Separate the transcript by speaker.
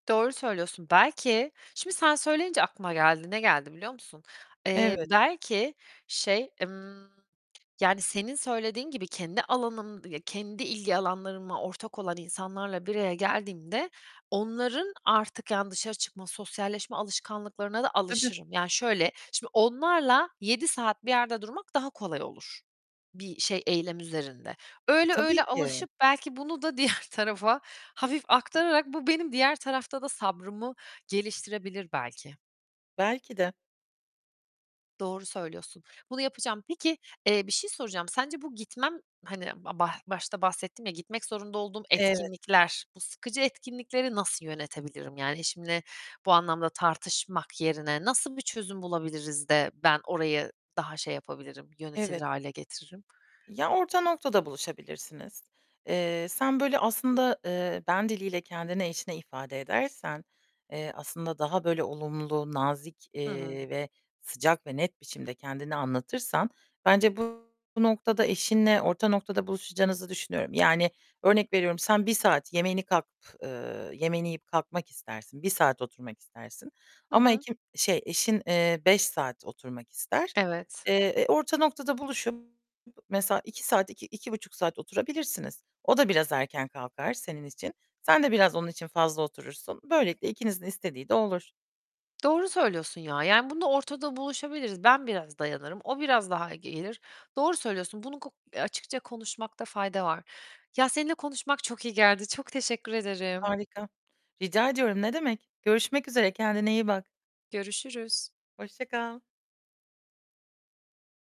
Speaker 1: Doğru söylüyorsun. Belki şimdi sen söyleyince aklıma geldi. Ne geldi biliyor musun? Eee,
Speaker 2: Evet.
Speaker 1: belki şey, ımm, yani, senin söylediğin gibi kendi alanım ya, kendi ilgi alanlarıma ortak olan insanlarla bir araya geldiğimde onların artık, yani dışarı çıkma, sosyalleşme alışkanlıklarına da
Speaker 2: Tabii.
Speaker 1: alışırım. Yani, şöyle, şimdi onlarla 7 saat bir yerde durmak daha kolay olur bir şey, eylem üzerinde.
Speaker 2: E,
Speaker 1: Öyle,
Speaker 2: tabii
Speaker 1: öyle
Speaker 2: ki.
Speaker 1: alışıp belki bunu da diğer tarafa hafif aktararak bu benim diğer tarafta da sabrımı geliştirebilir belki.
Speaker 2: Belki de.
Speaker 1: Doğru söylüyorsun. Bunu yapacağım. Peki, eee, bir şey soracağım, sence bu gitmem, hani, b b başta bahsettim ya, gitmek zorunda olduğum
Speaker 2: Evet.
Speaker 1: etkinlikler, bu sıkıcı etkinlikleri nasıl yönetebilirim. Yani eşimle bu anlamda tartışmak yerine nasıl bir çözüm bulabiliriz de ben orayı daha şey yapabilirim, yönetilir
Speaker 2: Evet.
Speaker 1: hâle getiririm?
Speaker 2: Ya, orta noktada buluşabilirsiniz. Eee, sen böyle aslında, eee, ben diliyle kendini eşine ifade edersen, eee, aslında daha böyle olumlu, nazik,
Speaker 1: Hı hı.
Speaker 2: eee, ve sıcak ve net biçimde kendini anlatırsan bence bu noktada eşinle orta noktada buluşacağınızı düşünüyorum. Yani, örnek veriyorum sen 1 saat yemeğini kalk eee, yemeğini yiyip kalkmak istersin. 1 saat oturmak istersin
Speaker 1: Hı
Speaker 2: ama
Speaker 1: hı.
Speaker 2: ekim şey, eşin, eee, 5 saat oturmak ister.
Speaker 1: Evet.
Speaker 2: Eee, e, orta noktada buluşup b mesela 2 saat, 2-2.5 buçuk saat oturabilirsiniz. O da biraz erken kalkar senin için. Sen de biraz onun için fazla oturursun. Böylelikle ikinizin istediği de olur.
Speaker 1: Doğru söylüyorsun ya. Yani bunda ortada buluşabiliriz. Ben biraz dayanırım, o biraz daha gelir. Doğru söylüyorsun. Bunu ku açıkça konuşmakta fayda var. Ya, seninle konuşmak çok iyi geldi. Çok teşekkür ederim.
Speaker 2: Harika, rica ediyorum, ne demek. Görüşmek üzere, kendine iyi bak.
Speaker 1: Görüşürüz.
Speaker 2: Hoşça kal.